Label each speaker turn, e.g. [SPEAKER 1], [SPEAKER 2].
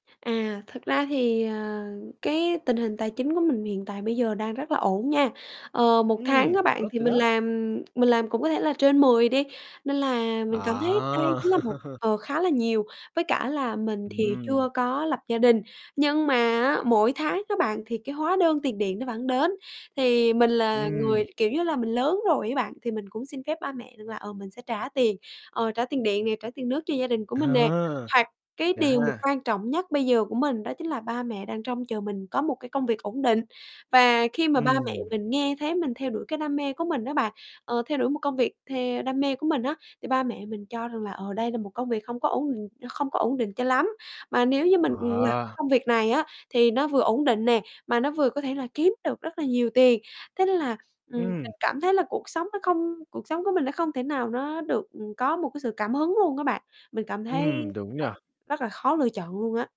[SPEAKER 1] À, thực ra thì, ờ, cái tình hình tài chính của mình hiện tại bây giờ đang rất là ổn nha. Ờ, 1 tháng
[SPEAKER 2] Ừm,
[SPEAKER 1] các bạn
[SPEAKER 2] tốt
[SPEAKER 1] thì
[SPEAKER 2] rồi
[SPEAKER 1] mình
[SPEAKER 2] đó.
[SPEAKER 1] làm mình làm cũng có thể là trên 10 đi. Nên là mình cảm thấy đây
[SPEAKER 2] À.
[SPEAKER 1] chính là một ờ, khá là nhiều. Với cả là mình thì
[SPEAKER 2] Ừm.
[SPEAKER 1] chưa có lập gia đình. Nhưng mà á, mỗi tháng á bạn thì cái hóa đơn tiền điện nó vẫn đến. Thì mình là người,
[SPEAKER 2] Ừm.
[SPEAKER 1] kiểu như là, mình lớn rồi ấy bạn, thì mình cũng xin phép ba mẹ rằng là, ờ, mình sẽ trả tiền ờ, trả tiền điện nè, trả tiền nước cho gia đình của mình nè.
[SPEAKER 2] À.
[SPEAKER 1] Hoặc cái
[SPEAKER 2] Vậy
[SPEAKER 1] điều mà
[SPEAKER 2] ha.
[SPEAKER 1] quan trọng nhất bây giờ của mình đó chính là ba mẹ đang trông chờ mình có một cái công việc ổn định. Và khi mà ba mẹ
[SPEAKER 2] Ừm.
[SPEAKER 1] mình nghe thấy mình theo đuổi cái đam mê của mình á bạn, ờ, theo đuổi một công việc theo đam mê của mình á, thì ba mẹ mình cho rằng là, ờ, đây là một công việc không có ổn định không có ổn định cho lắm. Mà nếu như mình làm cái
[SPEAKER 2] À.
[SPEAKER 1] công việc này á, thì nó vừa ổn định nè, mà nó vừa có thể là kiếm được rất là nhiều tiền. Thế nên là, ừm, mình
[SPEAKER 2] Ừm.
[SPEAKER 1] cảm thấy là cuộc sống nó không cuộc sống của mình nó không thể nào nó được, ừm, có một cái sự cảm hứng luôn các bạn. Mình cảm thấy,
[SPEAKER 2] Ừm, đúng
[SPEAKER 1] ờ,
[SPEAKER 2] nhỉ!
[SPEAKER 1] rất là khó lựa chọn luôn á.